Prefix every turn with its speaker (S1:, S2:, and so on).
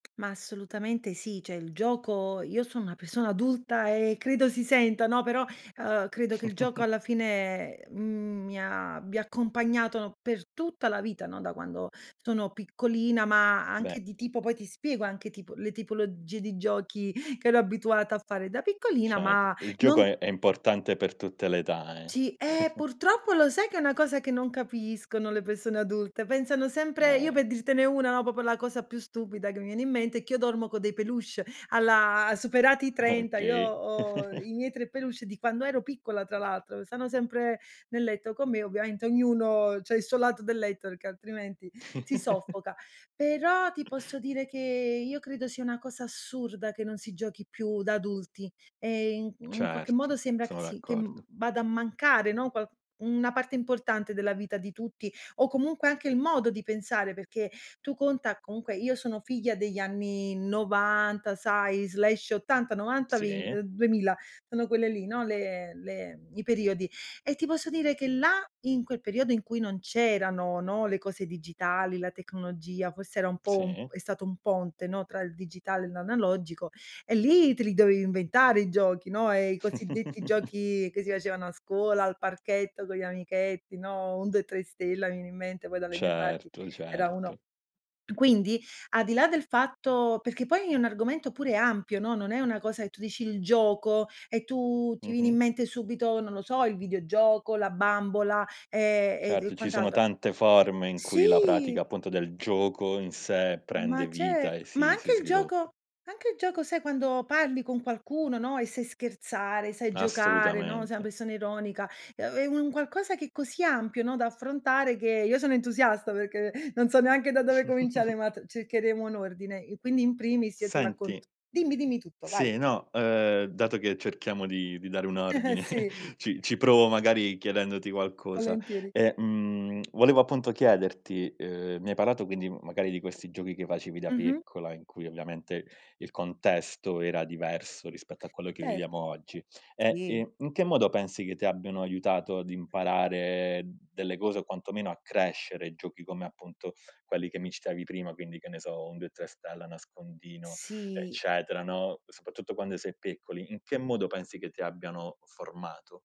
S1: Ma assolutamente sì, cioè il gioco io son una persona adulta e credo si senta, no, però, ehm, credo che il gioco alla fine, mhmm, mi abbia accompagnato per tutta la vita, no, da quando sono piccolina, ma anche
S2: Beh
S1: di tipo poi ti spiego anche tipo le tipologie di giochi che ero abituata a fare da piccolina,
S2: Cert
S1: ma
S2: il gioco
S1: non
S2: è è importante per tutte le età, eh.
S1: Sì. Ehm, purtroppo lo sai che è una cosa che non capiscono le persone adulte, pensano sempre io
S2: Eh-eh.
S1: per dirtene una, proprio la cosa più stupida che viene in mente, che io dormo con dei peluche alla superati i 30, io
S2: Okay.
S1: ho i miei 3 peluche di quando ero piccola tra l'altro, stanno sempre nel letto con me, ovviamente ognuno c'ha il suo lato del letto perché altrimenti, si soffoca. Però, ti posso dire che, io credo sia una cosa assurda che non si giochi più da adulti, e in mhmm, in qualche modo
S2: Certo,
S1: sembra che
S2: sono
S1: si che,
S2: d'accordo.
S1: mhmm, vada a mancare, no, un qual una parte importante della vita di tutti, o comunque anche il modo di pensare perché, tu conta, comunque io sono figlia degli anni '90 sai/'80, '90, vent ehm,
S2: Sì.
S1: 2000, sono quelle lì, no, le le i periodi; e ti posso dire che là, in quel periodo in cui non c'erano, no, le cose digitali, la tecnologia, forse era un po' un
S2: Sì.
S1: è stato un ponte, no, tra il digitale e l'analogico, e lì te li dovevi inventare i giochi, no, e i cosiddetti giochi che si facevano a scuola, al parchetto, con gli amichetti, no, 1, 2, 3 stella, mi viene in mente poi dalle mie parti,
S2: Certo,
S1: era uno
S2: certo.
S1: quindi, al di là del fatto perché poi è un argomento pure ampio, no, non è una cosa e tu dici il gioco e tu ti viene in
S2: Mh-mh.
S1: mente subito, non lo so, il videogioco, la bambola, ehm, e d
S2: Certo,
S1: e
S2: ci sono
S1: quant'altro.
S2: tante forme in cui la
S1: Sì!
S2: pratica appunto del gioco in sé,
S1: Ma
S2: prende
S1: cer
S2: vita e
S1: ma
S2: si
S1: anche
S2: si
S1: il gioco
S2: sviluppa.
S1: anche il gioco, sai, quando parli con qualcuno, no, e sei scherzare, sai giocare, no, sei una
S2: Assolutamente.
S1: persona ironica, è u è un qualcosa che così ampio, no, da affrontare che io sono entusiasta perché non so neanche da dove cominciare, ma t cercheremo un ordine. E quindi in primis io ti raccont
S2: Senti
S1: dimmi, dimmi tutto, vai.
S2: Sì, no, ehm, dato che cerchiamo di di dare un ordine,
S1: Sì.
S2: ci ci provo magari chiedendoti qualcosa.
S1: Volentieri!
S2: E, mhmm, volevo appunto chiederti, ehm, mi hai parlato quindi magari di questi giochi che facevi da
S1: Mh-mh.
S2: piccola in cui ovviamente, il contesto era diverso rispetto a quello che viviamo
S1: Certo.
S2: oggi. E,
S1: Sì.
S2: ehm, in che modo pensi che ti abbiano aiutato ad imparare delle cose o quantomeno a crescere giochi come appunto, quelli che mi citavi prima, quindi che ne so, 1, 2, 3 stella, nascondino,
S1: Sì.
S2: eccetera, no. Soprattutto quando si è piccoli, in che modo pensi che ti abbiano formato?